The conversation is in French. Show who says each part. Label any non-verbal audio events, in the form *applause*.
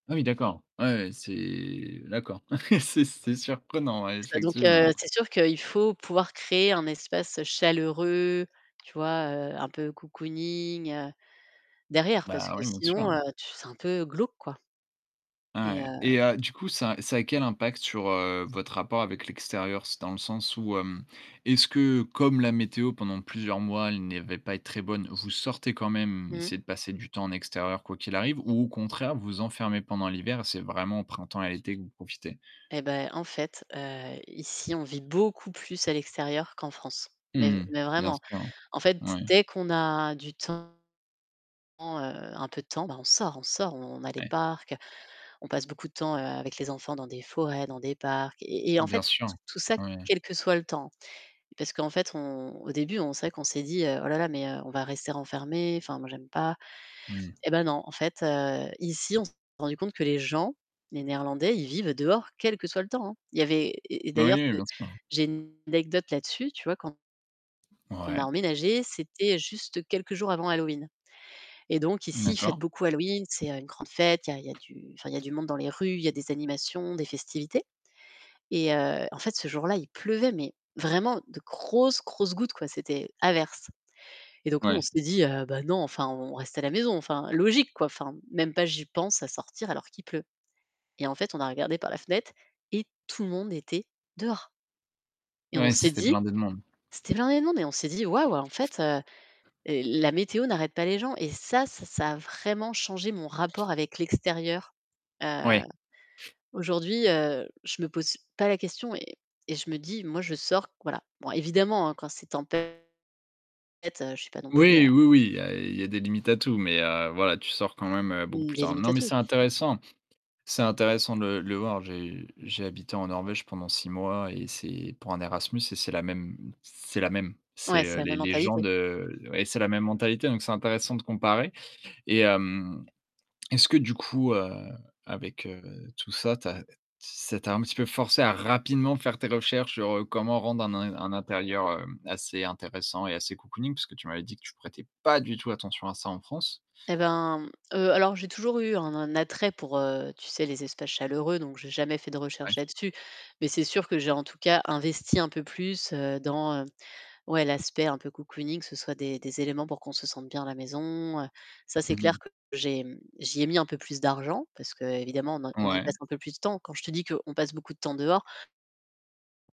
Speaker 1: Ah oui, d'accord. Ouais, ouais, ouais, c'est, heu, la d'accord. *chuckles* C'est c'est surprenant, ouais,
Speaker 2: C'est donc heu
Speaker 1: effectivement.
Speaker 2: c'est sûr qu'il faut pouvoir créer un espace chaleureux, tu vois, heu, un peu cocooning, heu, derrière parce
Speaker 1: Bah
Speaker 2: que
Speaker 1: oui, bien
Speaker 2: sinon
Speaker 1: sûr.
Speaker 2: c'est un peu glauque, quoi.
Speaker 1: Bah
Speaker 2: Et heu
Speaker 1: ouais et heu, du coup, ça ça a quel impact sur, heu, votre rapport avec l'extérieur? C'est dans le sens où heu, est-ce que comme la météo pendant plusieurs mois, elle n'avait pas être très bonne, vous sortez quand même,
Speaker 2: Mmh.
Speaker 1: essayez de passer du temps en extérieur quoi qu'il arrive ou au contraire vous vous enfermez pendant l'hiver, c'est vraiment au printemps et l'été que vous profitez?
Speaker 2: Eh bah, en fait, heu, ici, on vit beaucoup plus à l'extérieur qu'en France. Mais
Speaker 1: Mmh.
Speaker 2: mais
Speaker 1: Bien
Speaker 2: vraiment,
Speaker 1: sûr.
Speaker 2: en fait,
Speaker 1: Moui.
Speaker 2: dès qu'on a du temps, un peu de temps, on sort, on sort, on a des
Speaker 1: Oui.
Speaker 2: parcs, on passe beaucoup de temps avec les enfants dans des forêts, dans des parcs et en
Speaker 1: Bien
Speaker 2: fait,
Speaker 1: sûr,
Speaker 2: tout ça
Speaker 1: oui.
Speaker 2: quel que soit le temps. Parce qu'en fait on au début c'est vrai qu'on s'est dit: «Oh là là, mais on va rester enfermés, enfin moi j'aime pas».
Speaker 1: Mmh.
Speaker 2: Eh bah non en fait, heu, ici on s'est rendu compte que les gens, les néerlandais, ils vivent dehors quel que soit le temps, hein. Il y avait et
Speaker 1: Oui,
Speaker 2: d'ailleurs,
Speaker 1: oui, oui, bien sûr.
Speaker 2: j'ai une anecdote là-dessus, tu vois, quand on a
Speaker 1: Mouais.
Speaker 2: emménagé, c'était juste quelques jours avant Halloween et donc ici, ils fêtent
Speaker 1: D'accord.
Speaker 2: beaucoup Halloween, c'est une grande fête, il y a du, enfin, il y a du monde dans les rues, il y a des animations, des festivités. Et heu, en fait ce jour-là, il pleuvait, mais vraiment de grosses, grosses gouttes quoi, c'était averse et donc nous, on
Speaker 1: Ouais.
Speaker 2: s'est dit: «Bah non enfin on reste à la maison enfin logique quoi, enfin même pas j'y pense à sortir alors qu'il pleut». Et en fait, on a regardé par la fenêtre et tout le monde était dehors et on
Speaker 1: Ouais,
Speaker 2: s'est
Speaker 1: c'était
Speaker 2: dit-
Speaker 1: blindé de monde.
Speaker 2: c'était blindé de monde- et on s'est dit: «Waouh! En fait, la météo n'arrête pas les gens». Et ça, ça a vraiment changé mon rapport avec l'extérieur. Heu
Speaker 1: Oui.
Speaker 2: aujourd'hui, heu, je me pose pas la question et je me dis: «Moi je sors, voilà». Bon évidemment hein, quand c'est temp tempête. je suis pas non plus, heu
Speaker 1: Oui, oui, oui, il y a il y a des limites à tout, mai, heu, voilà, tu sors quand même beaucoup
Speaker 2: Hem,
Speaker 1: plus
Speaker 2: des
Speaker 1: tard.
Speaker 2: limites
Speaker 1: Non,
Speaker 2: à
Speaker 1: mais
Speaker 2: tout.
Speaker 1: c'est intéressant, c'est intéressant de de le voir. J'ai j'ai habité en Norvège pendant 6 mois et c'est pour un Erasmus et c'est la même c'est la même.
Speaker 2: Ouais, c'est
Speaker 1: C'est
Speaker 2: la même
Speaker 1: les les gens
Speaker 2: mentalité.
Speaker 1: de oui, c'est la même mentalité, donc c'est intéressant de comparer, et hem est-ce que du coup, heu, avec heu, tout ça, tu as ça t'a un petit peu forcé à rapidement faire tes recherches sur comment rendre un un intérieur, hem, assez intéressant et assez cocooning parce que tu m'avais dit que tu prêtais pas du tout attention à ça en France.
Speaker 2: Eh bah, heu, alors j'ai toujours eu un attrait pour heu, tu sais les espaces chaleureux, donc j'ai jamais fait de recherches
Speaker 1: *unintelligible*
Speaker 2: là-dessus. Mais c'est sûr que j'ai en tout cas investi un peu plus, heu, dans ouais l'aspect un peu cocooning, ce soit des des éléments pour qu'on se sente bien à la maison, heu. Ça, c'est
Speaker 1: Mmh
Speaker 2: clair
Speaker 1: mh.
Speaker 2: que j'ai, hem j'y ai mis un peu plus d'argent, parce qu'évidemment, on on y
Speaker 1: Ouais.
Speaker 2: passe un peu plus de temps. Quand je te dis qu'on passe beaucoup de temps dehors